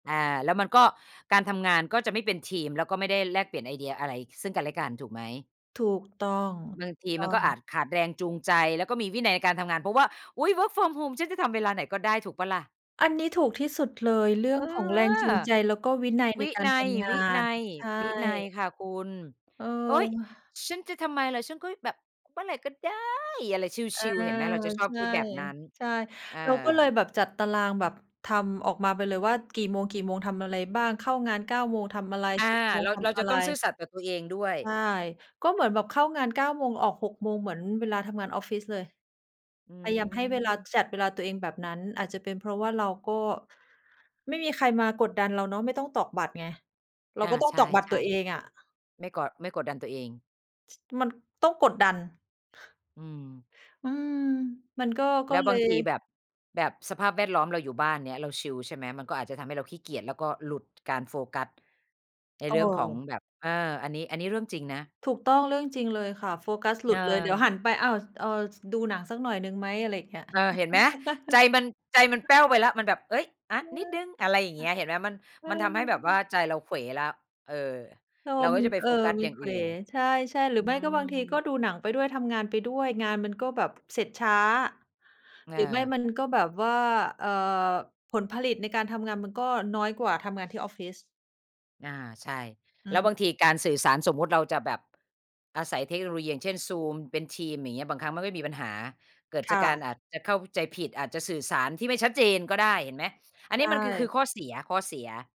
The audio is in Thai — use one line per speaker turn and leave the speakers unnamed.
อา แล้วมันก็ การทำงานก็จะไม่เป็นทีม แล้วก็ไม่ได้แลกเปลี่ยนไอเดียอะไรซึ่งกันและกัน ถูกไหม?
ถูกต้อง
บ
ถ
า
ู
ง
ก
ที
ต
ม
้
ั
อ
นก็อ
ง
าจขาดแรงจูงใจ แล้วก็มีวินัยในการทำงาน เพราะว่า อุ๊ย work from home ฉันจะทำเวลาไหนก็ได้ถูกเปล่าล่ะ?
อันนี้ถูกที่สุดเลย เรื่
เ
อ
อ
ง
อ
ของ
เอ
แร
อ
งจูงใจ แล้วก็วินัยใ
ว
น
ิ
กา
น
ร
ั
ท
ย
ำง
ว
า
ินั
น
ย
ใช
วินัย
่
ค่ะคุณ
เ
โอ๊ย
ออ
ฉันจะทำไมล่ะ ฉันก็แบบเมื่อไหร่ก็ได้ อะไร
เอ
ช
อ
ิล ๆ เห็นไหม เราจะชอ
ใ
บ
ช
คิ
่
ดแบบนั้น
ใช่
เออ
เราก็เลยแบบจัดตารางแบบทำออกมาไปเลยว่ากี่โมง กี่โมงทำอะไรบ้าง เข้างาน 9 โมงทำอะไร
อา
10 โมง
เร
ฃ
า
ท
เรา
ำอ
จะ
ะไ
ต
ร
้องซื่อสัตย์กับตัวเองด้วย
ใช่ ก็เหมือนแบบเข้างาน 9 โมง ออก 6 โมง เหมือนเวลาทำงานออฟฟิศเลย
อื
พยายามให้เวลา
ม
จัดเวลาตัวเองแบบนั้น อาจจะเป็นเพราะว่าเราก็ ไม่มีใครมากดดันเราเนาะ ไม่ต้องตอกบัตรไง เรา
อ
ก
า
็ต้อง
ใช
ต
่
อกบัตรตัวเองอะ
ๆ ไม่กด ไม่กดดันตัวเอง
มันต้องกดดัน
อืม
อืม มันก็ ก
แล
็
้ว
เล
บาง
ย
ทีแบบ แบบสภาพแวดล้อม เราอยู่บ้าน เงี้ย เราชิล ใช่ไหม มันก็อาจจะทำให้เราขี้เกียจ แล้วก็หลุด การโฟกัสใน
เ
เรื่องของ
ออ
แบบ เออ อันนี้ อันนี้เรื่องจริงนะ
ถูกต้อง เรื่องจริงเลยค่ะ โฟกัสหล
เ
ุดเลย เดี๋ยว
ออ
หันไป อ้าว เออ ส ดูหนังสักหน่อยหนึ่งไหม? อะไรอย่างเงี้ย
เออ เห็นไหม ใจมัน ใจมันแป้วไปแล้ว มันแบบ เอ๊ย อา
เออ
นิดหนึ่ง อะไรอย่างเงี้ย เห็นไหม มัน
เอ
มันทำให้แบบว
อ
่าใจเราเขวแล้ว เออ
เออ
เราก็
มัน
จะไป
เอ
โฟ
อ
กัส
มั
อย
น
่าง
เข
อื
ว
่น
ใช่ ๆ หรื
อื
อไม่ก็บางทีก็
ม
ดูหนังไปด้วย ทำงานไปด้วย งานมันก็แบบ เสร็จช้า
อ
หรือไม่
า
มันก็แบบว่า เอ่อ ผลผลิตในการทำงานมันก็น้อยกว่าทำงานที่ออฟฟิศ
อา ใช่
อื
แล้ว
ม
บางทีการสื่อสาร สมมุติเราจะแบบ อาศัยเทคโนโลยี อย่างเช่น Zoom เป็นทีม อย่างเงี้ย บางครั้งมันก็มีปัญหา เกิด
ค
จา
่
กการอาจ
ะ
จะเข้าใจผิด อาจจะสื่อสารที่ไม่ชัดเจนก็ได้เห็นไหม อัน
ใ
น
ช
ี้มันคือ คือข้
่
อเสีย ข้อเสีย